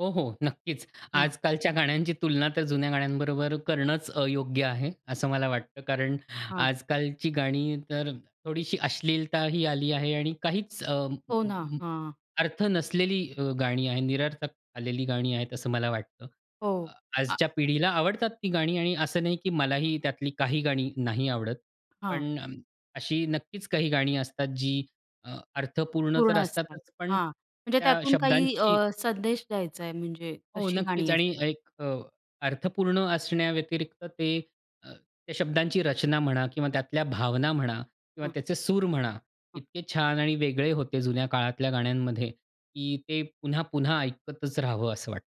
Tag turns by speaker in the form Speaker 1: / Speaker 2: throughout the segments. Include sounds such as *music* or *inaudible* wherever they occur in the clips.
Speaker 1: हो, हो नक्कीच.
Speaker 2: हां.
Speaker 1: आजकालच्या गाण्यांची तुलना तर जुन्या गाण्यांबरोबर करणंच अयोग्य आहे, असं मला वाटतं. कारण
Speaker 2: हां.
Speaker 1: आजकालची गाणी तर थोडीशी अश्लीलताही आली आहे आणि काहीच अ,
Speaker 2: हो ना, हां.
Speaker 1: अर्थ नसलेली अ, गाणी आहेत निरर्थक आलेली गाणी आहेत असं मला वाटतं. अ,
Speaker 2: हो, अ
Speaker 1: आजच्या पिढीला आवडतात ती गाणी आणि असं नाही की मलाही त्यातली काही गाणी नाही आवडत.
Speaker 2: हां.
Speaker 1: पण अ, अशी नक्कीच काही गाणी असतात जी अ, अर्थपूर्ण
Speaker 2: पूर्ण
Speaker 1: तर
Speaker 2: असतात.
Speaker 1: असतातच पण
Speaker 2: हां, म्हणजे
Speaker 1: त्या
Speaker 2: त्यातून काही अ,
Speaker 1: शब्दांची
Speaker 2: संदेश द्यायचा आहे म्हणजे
Speaker 1: हो,
Speaker 2: तशी
Speaker 1: नक्कीच
Speaker 2: गाणी
Speaker 1: आणि
Speaker 2: असतात?
Speaker 1: एक अ, अर्थपूर्ण असण्याव्यतिरिक्त ते अ, त्या शब्दांची रचना म्हणा किंवा त्यातल्या भावना म्हणा किंवा
Speaker 2: हां.
Speaker 1: त्याचे सूर म्हणा,
Speaker 2: हां.
Speaker 1: इतके छान आणि वेगळे होते जुन्या काळातल्या गाण्यांमध्ये की ते पुन्हा-पुन्हा ऐकतच राहावं, असं वाटतं.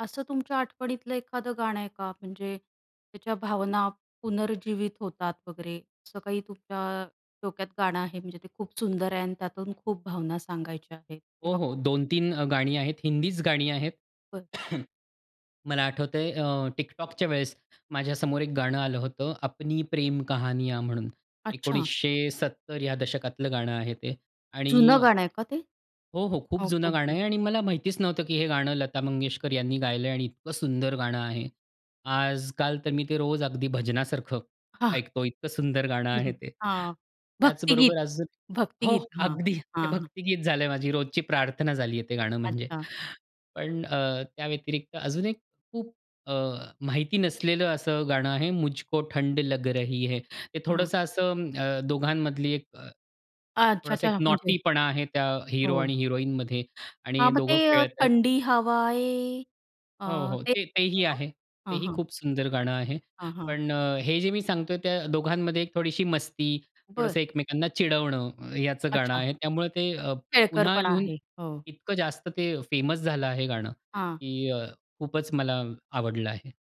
Speaker 2: असं तुमच्या आठवणीतलं एखादं गाणं आहे का? म्हणजे त्याच्या भावना पुनर्जीवित होतात वगैरे, असं काही तुमच्या, डोक्यात गाणं आहे? म्हणजे ते खूप सुंदर आहे आणि त्यातून खूप भावना सांगायच्या आहेत
Speaker 1: हो,
Speaker 2: किंवा
Speaker 1: हो,
Speaker 2: खूप
Speaker 1: 2-3 अ, गाणी आहेत, हिंदीच गाणी आहेत.
Speaker 2: बरं.
Speaker 1: *coughs* मला आठवतं आहे अ, TikTokच्या वेळेस माझ्यासमोर एक गाणं आलं होतं, "अपनी प्रेम कहानिया" म्हणून.
Speaker 2: अच्छा.
Speaker 1: 1970 या दशकातलं गाणं आहे ते आणि
Speaker 2: जुनं गाणं आहे का ते?
Speaker 1: हो, हो, खूप
Speaker 2: हो,
Speaker 1: जुनं गाणं
Speaker 2: खूप-खूप.
Speaker 1: आहे आणि मला माहितीच नव्हतं की हे गाणं लता मंगेशकर यांनी गायलंय आणि इतकं सुंदर गाणं आहे. आजकाल तर मी ते रोज अगदी भजनासारखं
Speaker 2: हां.
Speaker 1: ऐकतो. इतकं सुंदर गाणं
Speaker 2: हं,
Speaker 1: आहे
Speaker 2: हं,
Speaker 1: ते.
Speaker 2: हां, भक्तिगीत,
Speaker 1: त्याचबरोबर अजून हो,
Speaker 2: भक्तिगीत, हां,
Speaker 1: अगदी ते
Speaker 2: हां, हां.
Speaker 1: भक्तिगीत झालं आहे माझी रोजची प्रार्थना झाली आहे ते गाणं म्हणजे.
Speaker 2: अच्छा.
Speaker 1: पण अ, त्याव्यतिरिक्त अजून एक खूप अ, माहिती नसलेलं असं गाणं आहे, "मुझको ठंड लग रही है," ते
Speaker 2: हां.
Speaker 1: थोडंसं असं, अ, दोघांमधली एक अ,
Speaker 2: अच्छा,
Speaker 1: थोडासा एक
Speaker 2: अच्छा, म्हणजे?
Speaker 1: नॉटीपणा आहे त्या हीरो
Speaker 2: हो.
Speaker 1: आणि हिरोईनमध्ये आणि
Speaker 2: हां, मग ते
Speaker 1: दोघं खेळत आहेत.
Speaker 2: थंडी हवाये. अ,
Speaker 1: हो, हो,
Speaker 2: ते
Speaker 1: ते तेही
Speaker 2: *unintelligible*
Speaker 1: आहे.
Speaker 2: हां,
Speaker 1: तेही
Speaker 2: हां.
Speaker 1: खूप सुंदर गाणं आहे.
Speaker 2: हां, हां.
Speaker 1: पण अ, हे जे मी सांगतो आहे त्या दोघांमध्ये एक थोडीशी मस्ती,
Speaker 2: बरं.
Speaker 1: थोडंसं एकमेकांना चिडवणं ह ह्याचं गाणं
Speaker 2: अच्छा.
Speaker 1: आहे. त्यामुळे ते अ, पुन्हा
Speaker 2: खेळकरपणा
Speaker 1: येऊन
Speaker 2: आहे, हो.
Speaker 1: इतकं जास्त ते फेमस झालं आहे गाणं
Speaker 2: हां.
Speaker 1: की अ, खूपच मला आवडलं आहे.